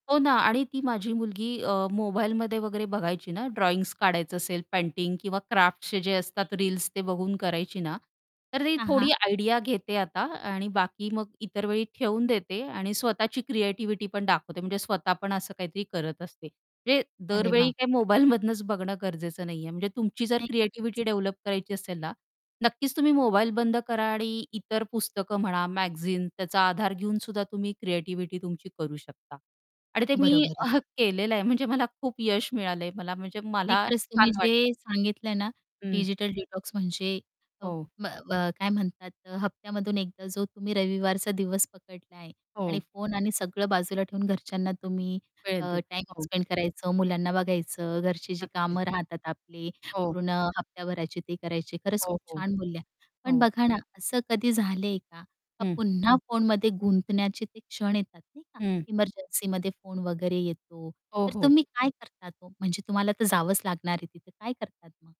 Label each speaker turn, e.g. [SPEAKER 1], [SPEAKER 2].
[SPEAKER 1] हो ना आणि ती माझी मुलगी अ, मोबाईलमध्ये वगैरे बघायची ना, ड्रॉइंग काढायचं असेल, पेंटिंग किंवा क्राफ्टचे जे असतात रील्स, ते बघून करायची ना. तर ती
[SPEAKER 2] हां,
[SPEAKER 1] थोडी
[SPEAKER 2] हां.
[SPEAKER 1] आयडिया घेते आता आणि बाकी मग इतर वेळी ठेवून देते आणि स्वतःची क्रिएटिव्हिटी पण दाखवते. म्हणजे स्वतः पण असं काहीतरी करत असते, म्हणजे
[SPEAKER 2] अरे
[SPEAKER 1] दरवेळी
[SPEAKER 2] वाह!
[SPEAKER 1] काही मोबाईल मधनंच बघणं गरजेचं नाहीये. म्हणजे तुमची जर
[SPEAKER 2] नाही.
[SPEAKER 1] क्रिएटिव्हिटी डेव्हलप करायची असेल ना, नक्कीच तुम्ही मोबाईल बंद करा आणि इतर पुस्तकं म्हणा, मॅगझीन त्याचा आधार घेऊन सुद्धा तुम्ही क्रिएटिव्हिटी तुमची करू शकता. आणि ते मी
[SPEAKER 2] बरोबर आहे.
[SPEAKER 1] केलेलं आहे. म्हणजे मला खूप यश मिळालंय, मला म्हणजे
[SPEAKER 2] नाही
[SPEAKER 1] मला
[SPEAKER 2] खरंच तुम्ही
[SPEAKER 1] छान वाटतं.
[SPEAKER 2] जे सांगितलंय ना,
[SPEAKER 1] हं.
[SPEAKER 2] डिजिटल डिटॉक्स म्हणजे अ,
[SPEAKER 1] हो.
[SPEAKER 2] ब अ, काय म्हणतात, हप्त्यामधून एकदा जो तुम्ही रविवारचा दिवस पकडला आहे. आणि
[SPEAKER 1] हो.
[SPEAKER 2] फोन आणि सगळं बाजूला ठेवून घरच्यांना तुम्ही अ,
[SPEAKER 1] वेळेत देते
[SPEAKER 2] टाईम
[SPEAKER 1] हो.
[SPEAKER 2] स्पेंड करायचं, मुलांना बघायचं, घरची जी
[SPEAKER 1] नक्कीच.
[SPEAKER 2] कामं राहतात आपली
[SPEAKER 1] हो.
[SPEAKER 2] पूर्ण हप्त्याभराचे ते करायचे. खरंच
[SPEAKER 1] हो,
[SPEAKER 2] खूप
[SPEAKER 1] हो.
[SPEAKER 2] छान बोलल्या. पण
[SPEAKER 1] हो.
[SPEAKER 2] बघा ना असं कधी झालंय का?
[SPEAKER 1] हं.
[SPEAKER 2] पुन्हा फोनमध्ये गुंतण्याचे ते क्षण येतात नाही का,
[SPEAKER 1] हं.
[SPEAKER 2] एमर्जन्सीमध्ये फोन वगैरे येतो,
[SPEAKER 1] हो,
[SPEAKER 2] तर
[SPEAKER 1] हो.
[SPEAKER 2] तुम्ही काय करतात हो? म्हणजे तुम्हाला तर जावंच लागणार आहे तिथे काय करतात मग?